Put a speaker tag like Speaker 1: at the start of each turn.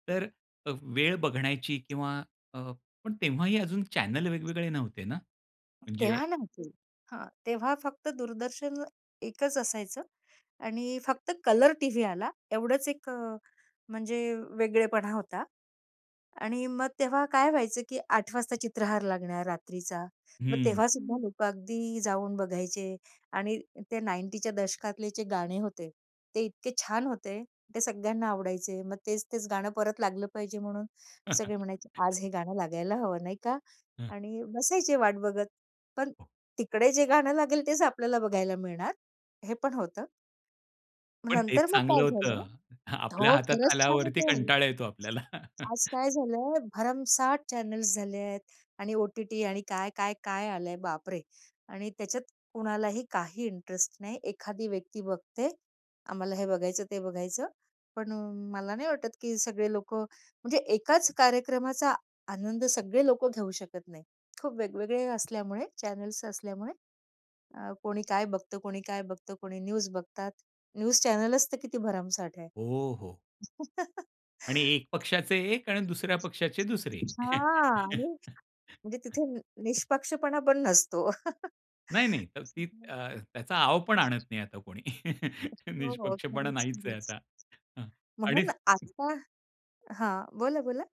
Speaker 1: तर अ, वेळ बघण्याची किंवा अ, पण तेव्हाही अजून चॅनेल वेगवेगळे नव्हते ना? म्हणजे
Speaker 2: तेव्हा नव्हती. हां, तेव्हा फक्त दूरदर्शन एकच असायचं आणि फक्त कलर टीव्ही आला एवढंच एक अ, म्हणजे वेगळेपणा होता आणि मग तेव्हा काय व्हायचं की 8:00 वाजता चित्रहार लागणार रात्रीचा. मग
Speaker 1: हं.
Speaker 2: तेव्हा सुद्धा लोक अगदी जाऊन बघायचे आणि ते 90च्या च्या दशकातले जे गाणे होते, ते इतके छान होते. ते सगळ्यांना आवडायचे. मग तेच-तेच गाणं परत लागलं पाहिजे, म्हणून सगळे म्हणायचे, "आज हे गाणं लागायला हवं नाही का"
Speaker 1: हं.
Speaker 2: आणि बसायचे वाट बघत. पण
Speaker 1: हो.
Speaker 2: तिकडे जे गाणं लागेल, तेच आपल्याला बघायला मिळणार, हे पण होतं. मग
Speaker 1: पण तेच
Speaker 2: नंतर मग
Speaker 1: चांगलं
Speaker 2: काय झालं?
Speaker 1: होतं. आपल्या
Speaker 2: हो,
Speaker 1: हातात
Speaker 2: खरंच छान
Speaker 1: आल्यावरती
Speaker 2: होते.
Speaker 1: कंटाळा येतो आपल्याला.
Speaker 2: आज काय झालंय, भरमसाठ चॅनल्स झाले आहेत आणि ओ-टी-टी आणि काय, काय, काय आलंय, बापरे! आणि त्याच्यात कुणालाही काही इंटरेस्ट नाही. एखादी व्यक्ती बघते. आम्हाला हे बघायचं, ते बघायचं, पण अ, मला नाही वाटत की सगळे लोक म्हणजे एकाच कार्यक्रमाचा आनंद सगळे लोक घेऊ शकत नाही. खूप वेगवेगळे असल्यामुळे चॅनल्स असल्यामुळे, अ, कोणी काय बघतं, कोणी काय बघतं, कोणी न्यूज बघतात, न्यूज चॅनलच तर किती भरमसाठ आहे.
Speaker 1: हो, हो. आणि एक पक्षाचे एक आणि दुसऱ्या पक्षाचे दुसरे.
Speaker 2: अच्छा! आणि म्हणजे तिथे न निष्पक्षपणा पण नसतो.
Speaker 1: नाही, नाही, तर ती
Speaker 2: [unintelligible]
Speaker 1: अ, त्याचा आव पण आणत नाही आता कोणी.
Speaker 2: हो, हो.
Speaker 1: निष्पक्षपणा
Speaker 2: खरच,
Speaker 1: नाहीच आहे
Speaker 2: खरंच.
Speaker 1: आता आणि
Speaker 2: म्हणून आता हां. बोला, बोला.